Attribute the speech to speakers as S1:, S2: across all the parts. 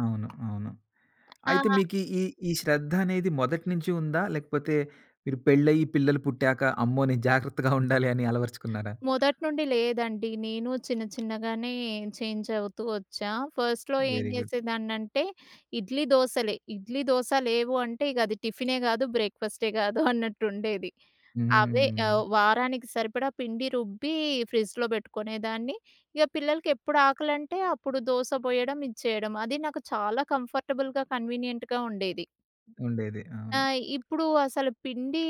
S1: అవును, అవును. అయితే
S2: ఆ!
S1: మీకీ ఈ ఈ శ్రద్ధనేది మొదటి నించి ఉందా లేకపోతే మీరు పెళ్లయ్యి పిల్లలు పుట్టాక, అమ్మో! నేను జాగ్రత్తగా ఉండాలి అని అలవరచుకున్నారా?
S2: మొదటి నుండి లేదండి. నేను చిన్న చిన్నగానే చేంజవుతూ వచ్చా. ఫస్ట్‌లో ఏం
S1: వెరీ గుడ్.
S2: చేసేదాన్నంటే ఇడ్లీ, దోసలే. ఇడ్లీ, దోస లేవు అంటే ఇగది టిఫినే గాదు, బ్రేక్‌ఫా‌స్టే గాదు అన్నట్టుండేది. అవే
S1: హ్మ్.
S2: ఆహ్, వారానికి సరిపడా పిండి రుబ్బి, ఫ్రిడ్జ్‌లో పెట్టుకునేదాన్ని. ఇగ పిల్లలకి ఎప్పుడాకలంటే అప్పుడు దోస పోయడం, ఇచ్చేయడం అది నాకు చాలా కంఫర్టబుల్‌గా, కన్వీనియంట్‌గా ఉండేది.
S1: ఉండేది
S2: ఆ!
S1: అవును.
S2: ఇప్పుడు అసలు పిండీ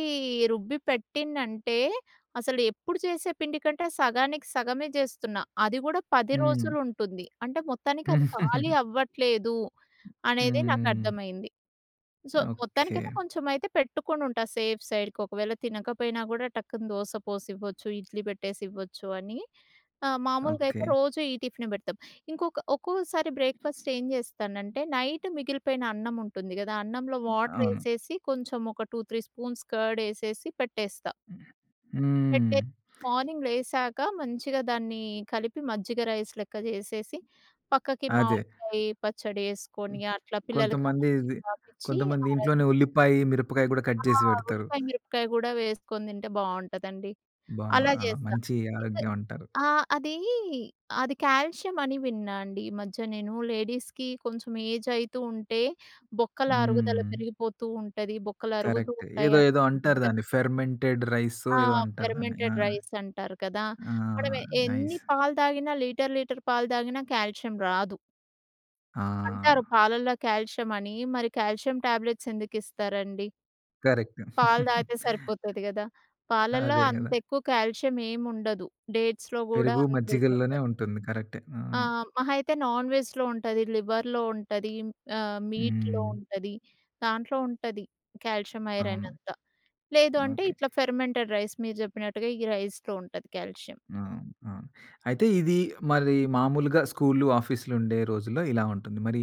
S2: రుబ్బి పెట్టింనంటే అసలు ఎప్పుడు చేసే పిండి కంటే సగానికి సగమే చేస్తున్నా. అది కూడా 10
S1: హ్మ్.
S2: రోజులుంటుంది. అంటే మొత్తానికి అది ఖాళీ అవ్వట్లేదు అనేదే
S1: హ్మ్.
S2: నాకర్థమైంది. So
S1: okay.
S2: మొత్తానికైతే, కొంచెం అయితే పెట్టుకొనుంటా సేఫ్ సైడ్‌కి ఒకవేళ తినకపోయినా గూడా టక్కున దోస పోసివ్వచ్చు, ఇడ్లీ పెట్టేసివ్వచ్చు అని. ఆ! మామూలుగ అయితే
S1: ఓకె.
S2: రోజూ ఈ టిఫినే పెడతాం. ఇంకొక ఒక్కోసారి బ్రేక్‌ఫాస్ట్ ఏం చేస్తానంటే నైట్ మిగిలిపోయిన అన్నముంటుంది గదా! అన్నంలో
S1: అవును.
S2: వాటరేసేసి కొంచెం ఒక 2, 3 స్పూన్స్ కర్డేసేసి పెట్టేస్తా.
S1: హ్మ్.
S2: పెట్టే మార్నింగ్ లేసాక మంచిగా దాన్ని కలిపి మజ్జిగ రైస్ లెక్క జేసేసి, పక్కకి
S1: అదే.
S2: మామిడికాయి, పచ్చడేసుకొని అట్లా పిల్లలకి ఆ
S1: కొంతమంది
S2: మజ్జిగ
S1: ఇది
S2: తాపిచ్చి
S1: కొంతమంది
S2: ఆ రైస్
S1: ఇంట్లోనే ఉల్లిపాయి, మిరపకాయి కూడా కట్
S2: ఆ!
S1: చేసి బెడతారు.
S2: ఉల్లిపాయ, మిరపకాయ గూడా వేసుకొని తింటే బావుంటదండి.
S1: బా
S2: అలా
S1: ఆ!
S2: జేస్తా.
S1: మంచి ఆరోగ్యమంటారు.
S2: ఆహ్, అదీ, అది కాల్షియమని విన్నా అండి. ఈ మధ్య నేను లేడీస్‌కి కొంచెం ఏజయితూ ఉంటే, బొక్కల అరుగుదల
S1: హ్మ్.
S2: పెరిగిపోతూ ఉంటది. బొక్కలు అరుగుతూ
S1: కరెక్ట్.
S2: ఉంటాయి
S1: ఏదో
S2: అన్
S1: ఏదో అంటారు
S2: గద్
S1: దాన్ని ఫెర్మెంటెడ్ రైసో,
S2: ఆ!
S1: ఏదో అంటారు దాన్ని. ఆ!
S2: ఫెర్మెంటెడ్ రైసంటారు కదా!
S1: ఆ!
S2: మనం ఎన్ని
S1: నైస్.
S2: పాలు తాగినా లీటర్ లీటర్ పాలు తాగినా కాల్షియం రాదు. అంటారు
S1: ఆ!
S2: పాలల్లో కాల్షియమని మరి కాల్షియం ట్యాబ్‌లెట్స్ ఎందుకిస్తారండి?
S1: కరెక్ట్.
S2: పాలు దాగితే సరిపోతది గదా! పాలల్లో
S1: అదే గద!
S2: అంతెక్కువ కాల్షియం ఏముండదు. డేట్స్‌లో గూడా
S1: పెరుగు, మజ్జిగల్లోనే
S2: అంతేముండదు.
S1: ఉంటుంది. కరెక్టే,
S2: ఆ!
S1: అవును.
S2: మహా అయితే నాన్ వెజ్‌లో ఉంటది, లివర్‌లో ఉంటది ఆహ్, మీట్‌లో
S1: హ్మ్.
S2: ఉంటది. దాంట్లో ఉంటది కాల్షియం,
S1: అవును.
S2: ఐరనంతా. లేదు అంటే
S1: ఓకె.
S2: ఇట్లా ఫెర్మెంటెడ్ రైస్ మీరు జెప్పినట్టుగా ఈ రైస్‌లో ఉంటది కాల్షియం.
S1: అవును, అవును. అయితే ఇది మరి మామూలుగా స్కూల్లు, ఆఫీస్‌లుండే రోజుల్లో ఇలా ఉంటుంది. మరి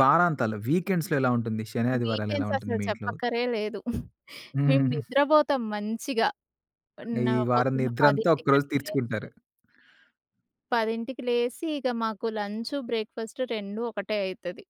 S1: వారాంతాలు, వీకెండ్స్‌లో ఎలా ఉంటుంది? శని, ఆదివారాలెలా ఉంటుంది
S2: వీకెండ్ససలు
S1: మీ ఇంట్లో?
S2: చెప్పక్కరే లేదు. మేము నిద్రబోతం మంచిగా,
S1: ఈ
S2: పన్న
S1: వారం
S2: పొద్దున్న
S1: నిద్రంతా
S2: 10కి
S1: ఒక్కరోజు
S2: అట్లా లేస్తాం.
S1: తీర్చుకుంటారు.
S2: 10కి లేసి ఇగ మాకు లంచు, బ్రేక్‌ఫాస్టు 2 ఒకటే అయితది.